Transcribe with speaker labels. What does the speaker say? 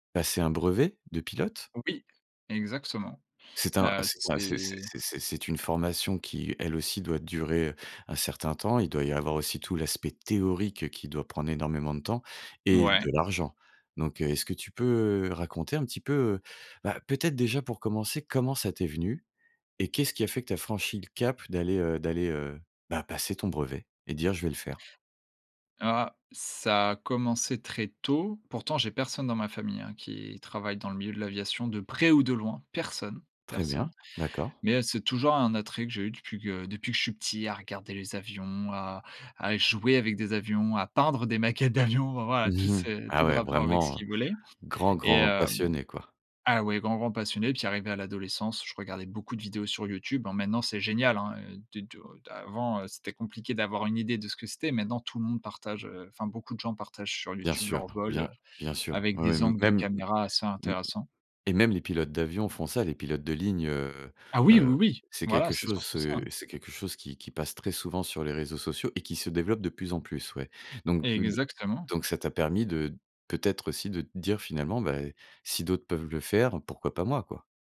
Speaker 1: Passer un brevet? De pilote?
Speaker 2: Oui, exactement.
Speaker 1: C'est un
Speaker 2: Heu,
Speaker 1: c'est enfin c'est
Speaker 2: c'est.
Speaker 1: c'est c'est c'est une formation qui, elle aussi, doit durer un certain temps. Il doit y avoir aussi tout l'aspect théorique qui doit prendre énormément de temps, et
Speaker 2: Mouais.
Speaker 1: de l'argent, donc heu, est-ce que tu peux, heu, raconter un petit peu, heu, bah peut-être déjà pour commencer, comment ça t'est venu? Et qu'est-ce qui a fait que tu as franchi le cap d'aller, heu d'aller, heu, bah, passer ton brevet, et dire je vais le faire?
Speaker 2: Ah! Ça a commencé très tôt. Pourtant, j'ai personne dans ma famille hein qui, travaille dans le milieu de l'aviation, de près ou de loin. Personne
Speaker 1: Très
Speaker 2: personne,
Speaker 1: bien, d'accord.
Speaker 2: mais heu, c'est toujours un attrait que j'ai eu depuis que depuis que je suis petit à regarder les avions, à à jouer avec des avions, à peindre des maquettes d'avion. Enfin voilà, tout c'est tout
Speaker 1: Ah,
Speaker 2: de
Speaker 1: ouais,
Speaker 2: rapport avec ce
Speaker 1: vraiment, heu,
Speaker 2: qui volait,
Speaker 1: grand
Speaker 2: et
Speaker 1: grand
Speaker 2: heu
Speaker 1: passionné quoi.
Speaker 2: ah ouais, grand grand passionné. Puis arrivé à l'adolescence, je regardais beaucoup de vidéos sur YouTube. Bon maintenant, c'est génial hein, heu, des du heu avant, heu, c'était compliqué d'avoir une idée de ce que c'était. Maintenant tout le monde partage heu enfin beaucoup de gens partagent sur
Speaker 1: Bien
Speaker 2: YouTube
Speaker 1: sûr,
Speaker 2: leur vol, heu,
Speaker 1: bien bien sûr.
Speaker 2: avec
Speaker 1: Oui
Speaker 2: des
Speaker 1: oui.
Speaker 2: angles de
Speaker 1: Même m
Speaker 2: caméra assez
Speaker 1: m
Speaker 2: intéressants.
Speaker 1: et même les pilotes d'avion font ça, les pilotes de ligne, heu
Speaker 2: Ah oui,
Speaker 1: heu,
Speaker 2: oui, oui!
Speaker 1: c'est
Speaker 2: Voilà,
Speaker 1: quelque
Speaker 2: c'est
Speaker 1: chose,
Speaker 2: surtout ça.
Speaker 1: heu c'est quelque chose qui qui passe très souvent sur les réseaux sociaux et qui se développe de plus en plus, ouais, donc heu, de
Speaker 2: Exactement.
Speaker 1: donc ça t'a permis de peut-être aussi de te dire finalement: «ben si d'autres peuvent le faire, pourquoi pas moi quoi?»